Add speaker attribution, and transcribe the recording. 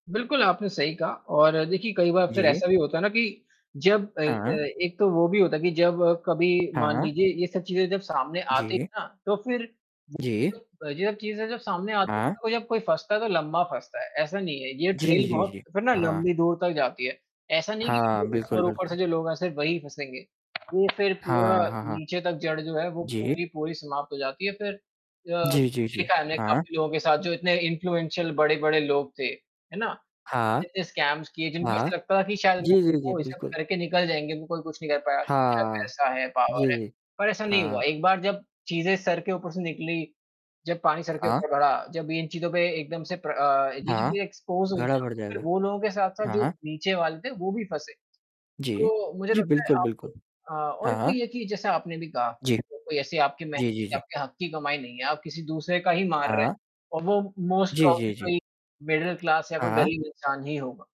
Speaker 1: बिल्कुल, आपने सही कहा और देखिए कई बार फ़िर
Speaker 2: जी।
Speaker 1: ऐसा भी होता है ना कि जब अ अ,
Speaker 2: हाँ।
Speaker 1: एक तो वो भी होता है कि जब कभी मान
Speaker 2: हाँ।
Speaker 1: लीजिए ये सब चीज़ें जब सामने आती
Speaker 2: जी।
Speaker 1: हैं ना तो फ़िर
Speaker 2: जी।
Speaker 1: [unintelligible] अ, जब चीज़ें जब सामने आती हैं
Speaker 2: हाँ।
Speaker 1: तो जब कोई फँसता है, तो लंबा फँसता है, ऐसा नहीं है ये
Speaker 2: जी,
Speaker 1: ट्रेल
Speaker 2: जी,
Speaker 1: बहुत
Speaker 2: जी।
Speaker 1: फ़िर ना
Speaker 2: हाँ।
Speaker 1: लंबी दूर तक जाती है, ऐसा नहीं कि
Speaker 2: हाँ,
Speaker 1: जो
Speaker 2: बिल्कुल,
Speaker 1: ऊपर-ऊपर
Speaker 2: बिल्कुल।
Speaker 1: से जो लोग आएँ सिर्फ़ वही फँसेंगे। ये फ़िर पूरा
Speaker 2: हाँ। हाँ, हाँ।
Speaker 1: नीचे तक जड़ जो है वो
Speaker 2: जी।
Speaker 1: पूरी पूरी समाप्त हो जाती है फ़िर अ,
Speaker 2: जी, जी, जी।
Speaker 1: देखा है हमने
Speaker 2: हाँ।
Speaker 1: काफ़ी लोगों के साथ जो इतने इन्फ्लुएंशल बड़े-बड़े लोग थे, है ना?
Speaker 2: हाँ।
Speaker 1: इतने स्कैम्स किए जिनको
Speaker 2: हाँ।
Speaker 1: ऐसा लगता था कि शायद
Speaker 2: जी,
Speaker 1: मैं
Speaker 2: जी, जी
Speaker 1: वो ये सब
Speaker 2: बिल्कुल।
Speaker 1: करके निकल जाएँगे, वो कोई कुछ नहीं कर पाया अच्छा
Speaker 2: हाँ।
Speaker 1: पैसा है,
Speaker 2: जी,
Speaker 1: पावर है।
Speaker 2: जी।
Speaker 1: पर ऐसा नहीं हुआ
Speaker 2: हाँ।
Speaker 1: एक बार जब चीज़ें सर के ऊपर से निकली, जब पानी सर के
Speaker 2: हाँ।
Speaker 1: ऊपर बढ़ा, जब इन चीज़ों पे एकदम से प्र अ, ये
Speaker 2: हाँ।
Speaker 1: चीज़े एक्सपोज़ हुई
Speaker 2: घड़ा
Speaker 1: ना,
Speaker 2: भर
Speaker 1: तो फ़िर
Speaker 2: जाएगा।
Speaker 1: वो लोगों के साथ-साथ जो
Speaker 2: हाँ।
Speaker 1: नीचे वाले थे, वो भी फँसे।
Speaker 2: जी,
Speaker 1: तो मुझे
Speaker 2: जी
Speaker 1: लगता है
Speaker 2: बिल्कुल,
Speaker 1: आप
Speaker 2: बिल्कुल।
Speaker 1: हाँ, और इसमें
Speaker 2: हाँ।
Speaker 1: ये है कि जैसा आपने भी कहा,
Speaker 2: जी।
Speaker 1: कोई ऐसी आपकी मेहनत
Speaker 2: जी, जी,
Speaker 1: की,
Speaker 2: जी।
Speaker 1: आपके हक़ की कमाई नहीं है आप किसी दूसरे का ही मार रहे हैं।
Speaker 2: हाँ।
Speaker 1: और वो मोस्ट
Speaker 2: जी, जी,
Speaker 1: प्रॉबेबली
Speaker 2: जी।
Speaker 1: तो एक मिडल क्लास या कोई
Speaker 2: हाँ।
Speaker 1: गरीब इंसान ही होगा।